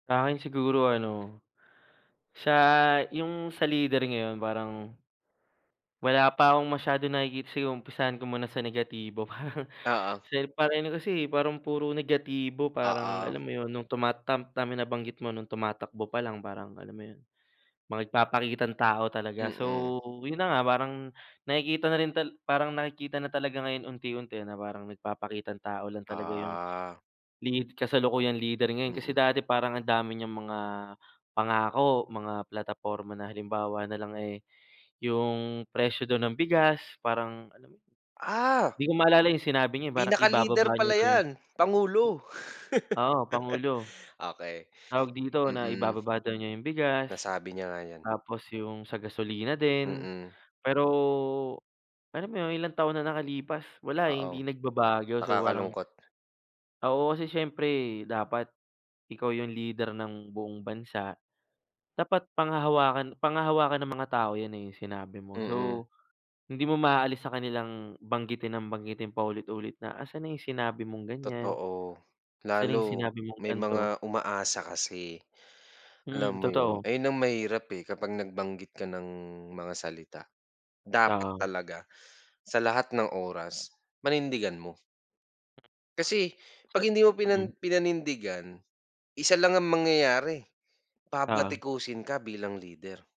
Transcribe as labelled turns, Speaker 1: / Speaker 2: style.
Speaker 1: Sa'kin siguro ano, siya yung sa leader ngayon parang Wala pa akong masyadong nakikita, sige umpisahan ko muna sa negatibo.
Speaker 2: Oo.
Speaker 1: Kasi parang ano kasi, parang puro negatibo, parang alam
Speaker 2: Oo
Speaker 1: mo yun, nung tuma tama nabanggit mo nung tumatakbo palang parang, alam mo yun, mga nagpapakitang tao talaga.
Speaker 2: Mm.
Speaker 1: So, yun na nga, parang nakikita na rin tala parang nakikita na talaga ngayon unti-unti na parang nagpapakitang tao lang talaga yung
Speaker 2: Ah.
Speaker 1: lead
Speaker 2: Ah,
Speaker 1: kasalukuyang leader ngayon kasi
Speaker 2: mm.
Speaker 1: dati parang ang dami niyang mga pangako, mga plataporma na halimbawa nalang eh, yung presyo dun ng bigas parang, alam mo yun,
Speaker 2: Ah.
Speaker 1: 'di ko maalala yung sinabi niya eh, parang
Speaker 2: Pinaka-leader
Speaker 1: ibababa niya
Speaker 2: pala
Speaker 1: daw yun.
Speaker 2: 'yan, pangulo.
Speaker 1: Oo, pangulo,
Speaker 2: Okey.
Speaker 1: tawag dito, na
Speaker 2: Mm.
Speaker 1: ibababa daw niya yung bigas.
Speaker 2: Nasabi niya nga 'yan.
Speaker 1: Tapos yung sa gasolina din,
Speaker 2: Mm.
Speaker 1: pero, alam mo yun, ilang taon na nakalipas, wala eh,
Speaker 2: Oo,
Speaker 1: hindi nagbabago. So, parang
Speaker 2: nakakalungkot.
Speaker 1: Oo, kasi siyempre dapat ikaw yung leader ng buong bansa. Dapat panghahawakan panghahawakan ng mga tao yan eh, yung sinabi mo.
Speaker 2: Mm.
Speaker 1: So, hindi mo maaalis sa kanilang banggitin ng banggitin, paulit-ulit na, "Asaan na yung sinabi mong ganiyan?
Speaker 2: Totoo,
Speaker 1: Saan na yung
Speaker 2: lalo
Speaker 1: sinabi mong
Speaker 2: may
Speaker 1: ganito?"
Speaker 2: mga umaasa kasi,
Speaker 1: Mm,
Speaker 2: alam mo yun.
Speaker 1: totoo.
Speaker 2: Ayun ang mahirap eh, kapag nagbanggit ka ng mga salita. Dapat
Speaker 1: Oo.
Speaker 2: talaga sa lahat ng oras panindigan mo. Kasi
Speaker 1: Sa
Speaker 2: pag hindi mo
Speaker 1: mm.
Speaker 2: pinan pinanindigan, 1 lang ang mangyayari.
Speaker 1: Oo.
Speaker 2: Babatikusin ka bilang leader.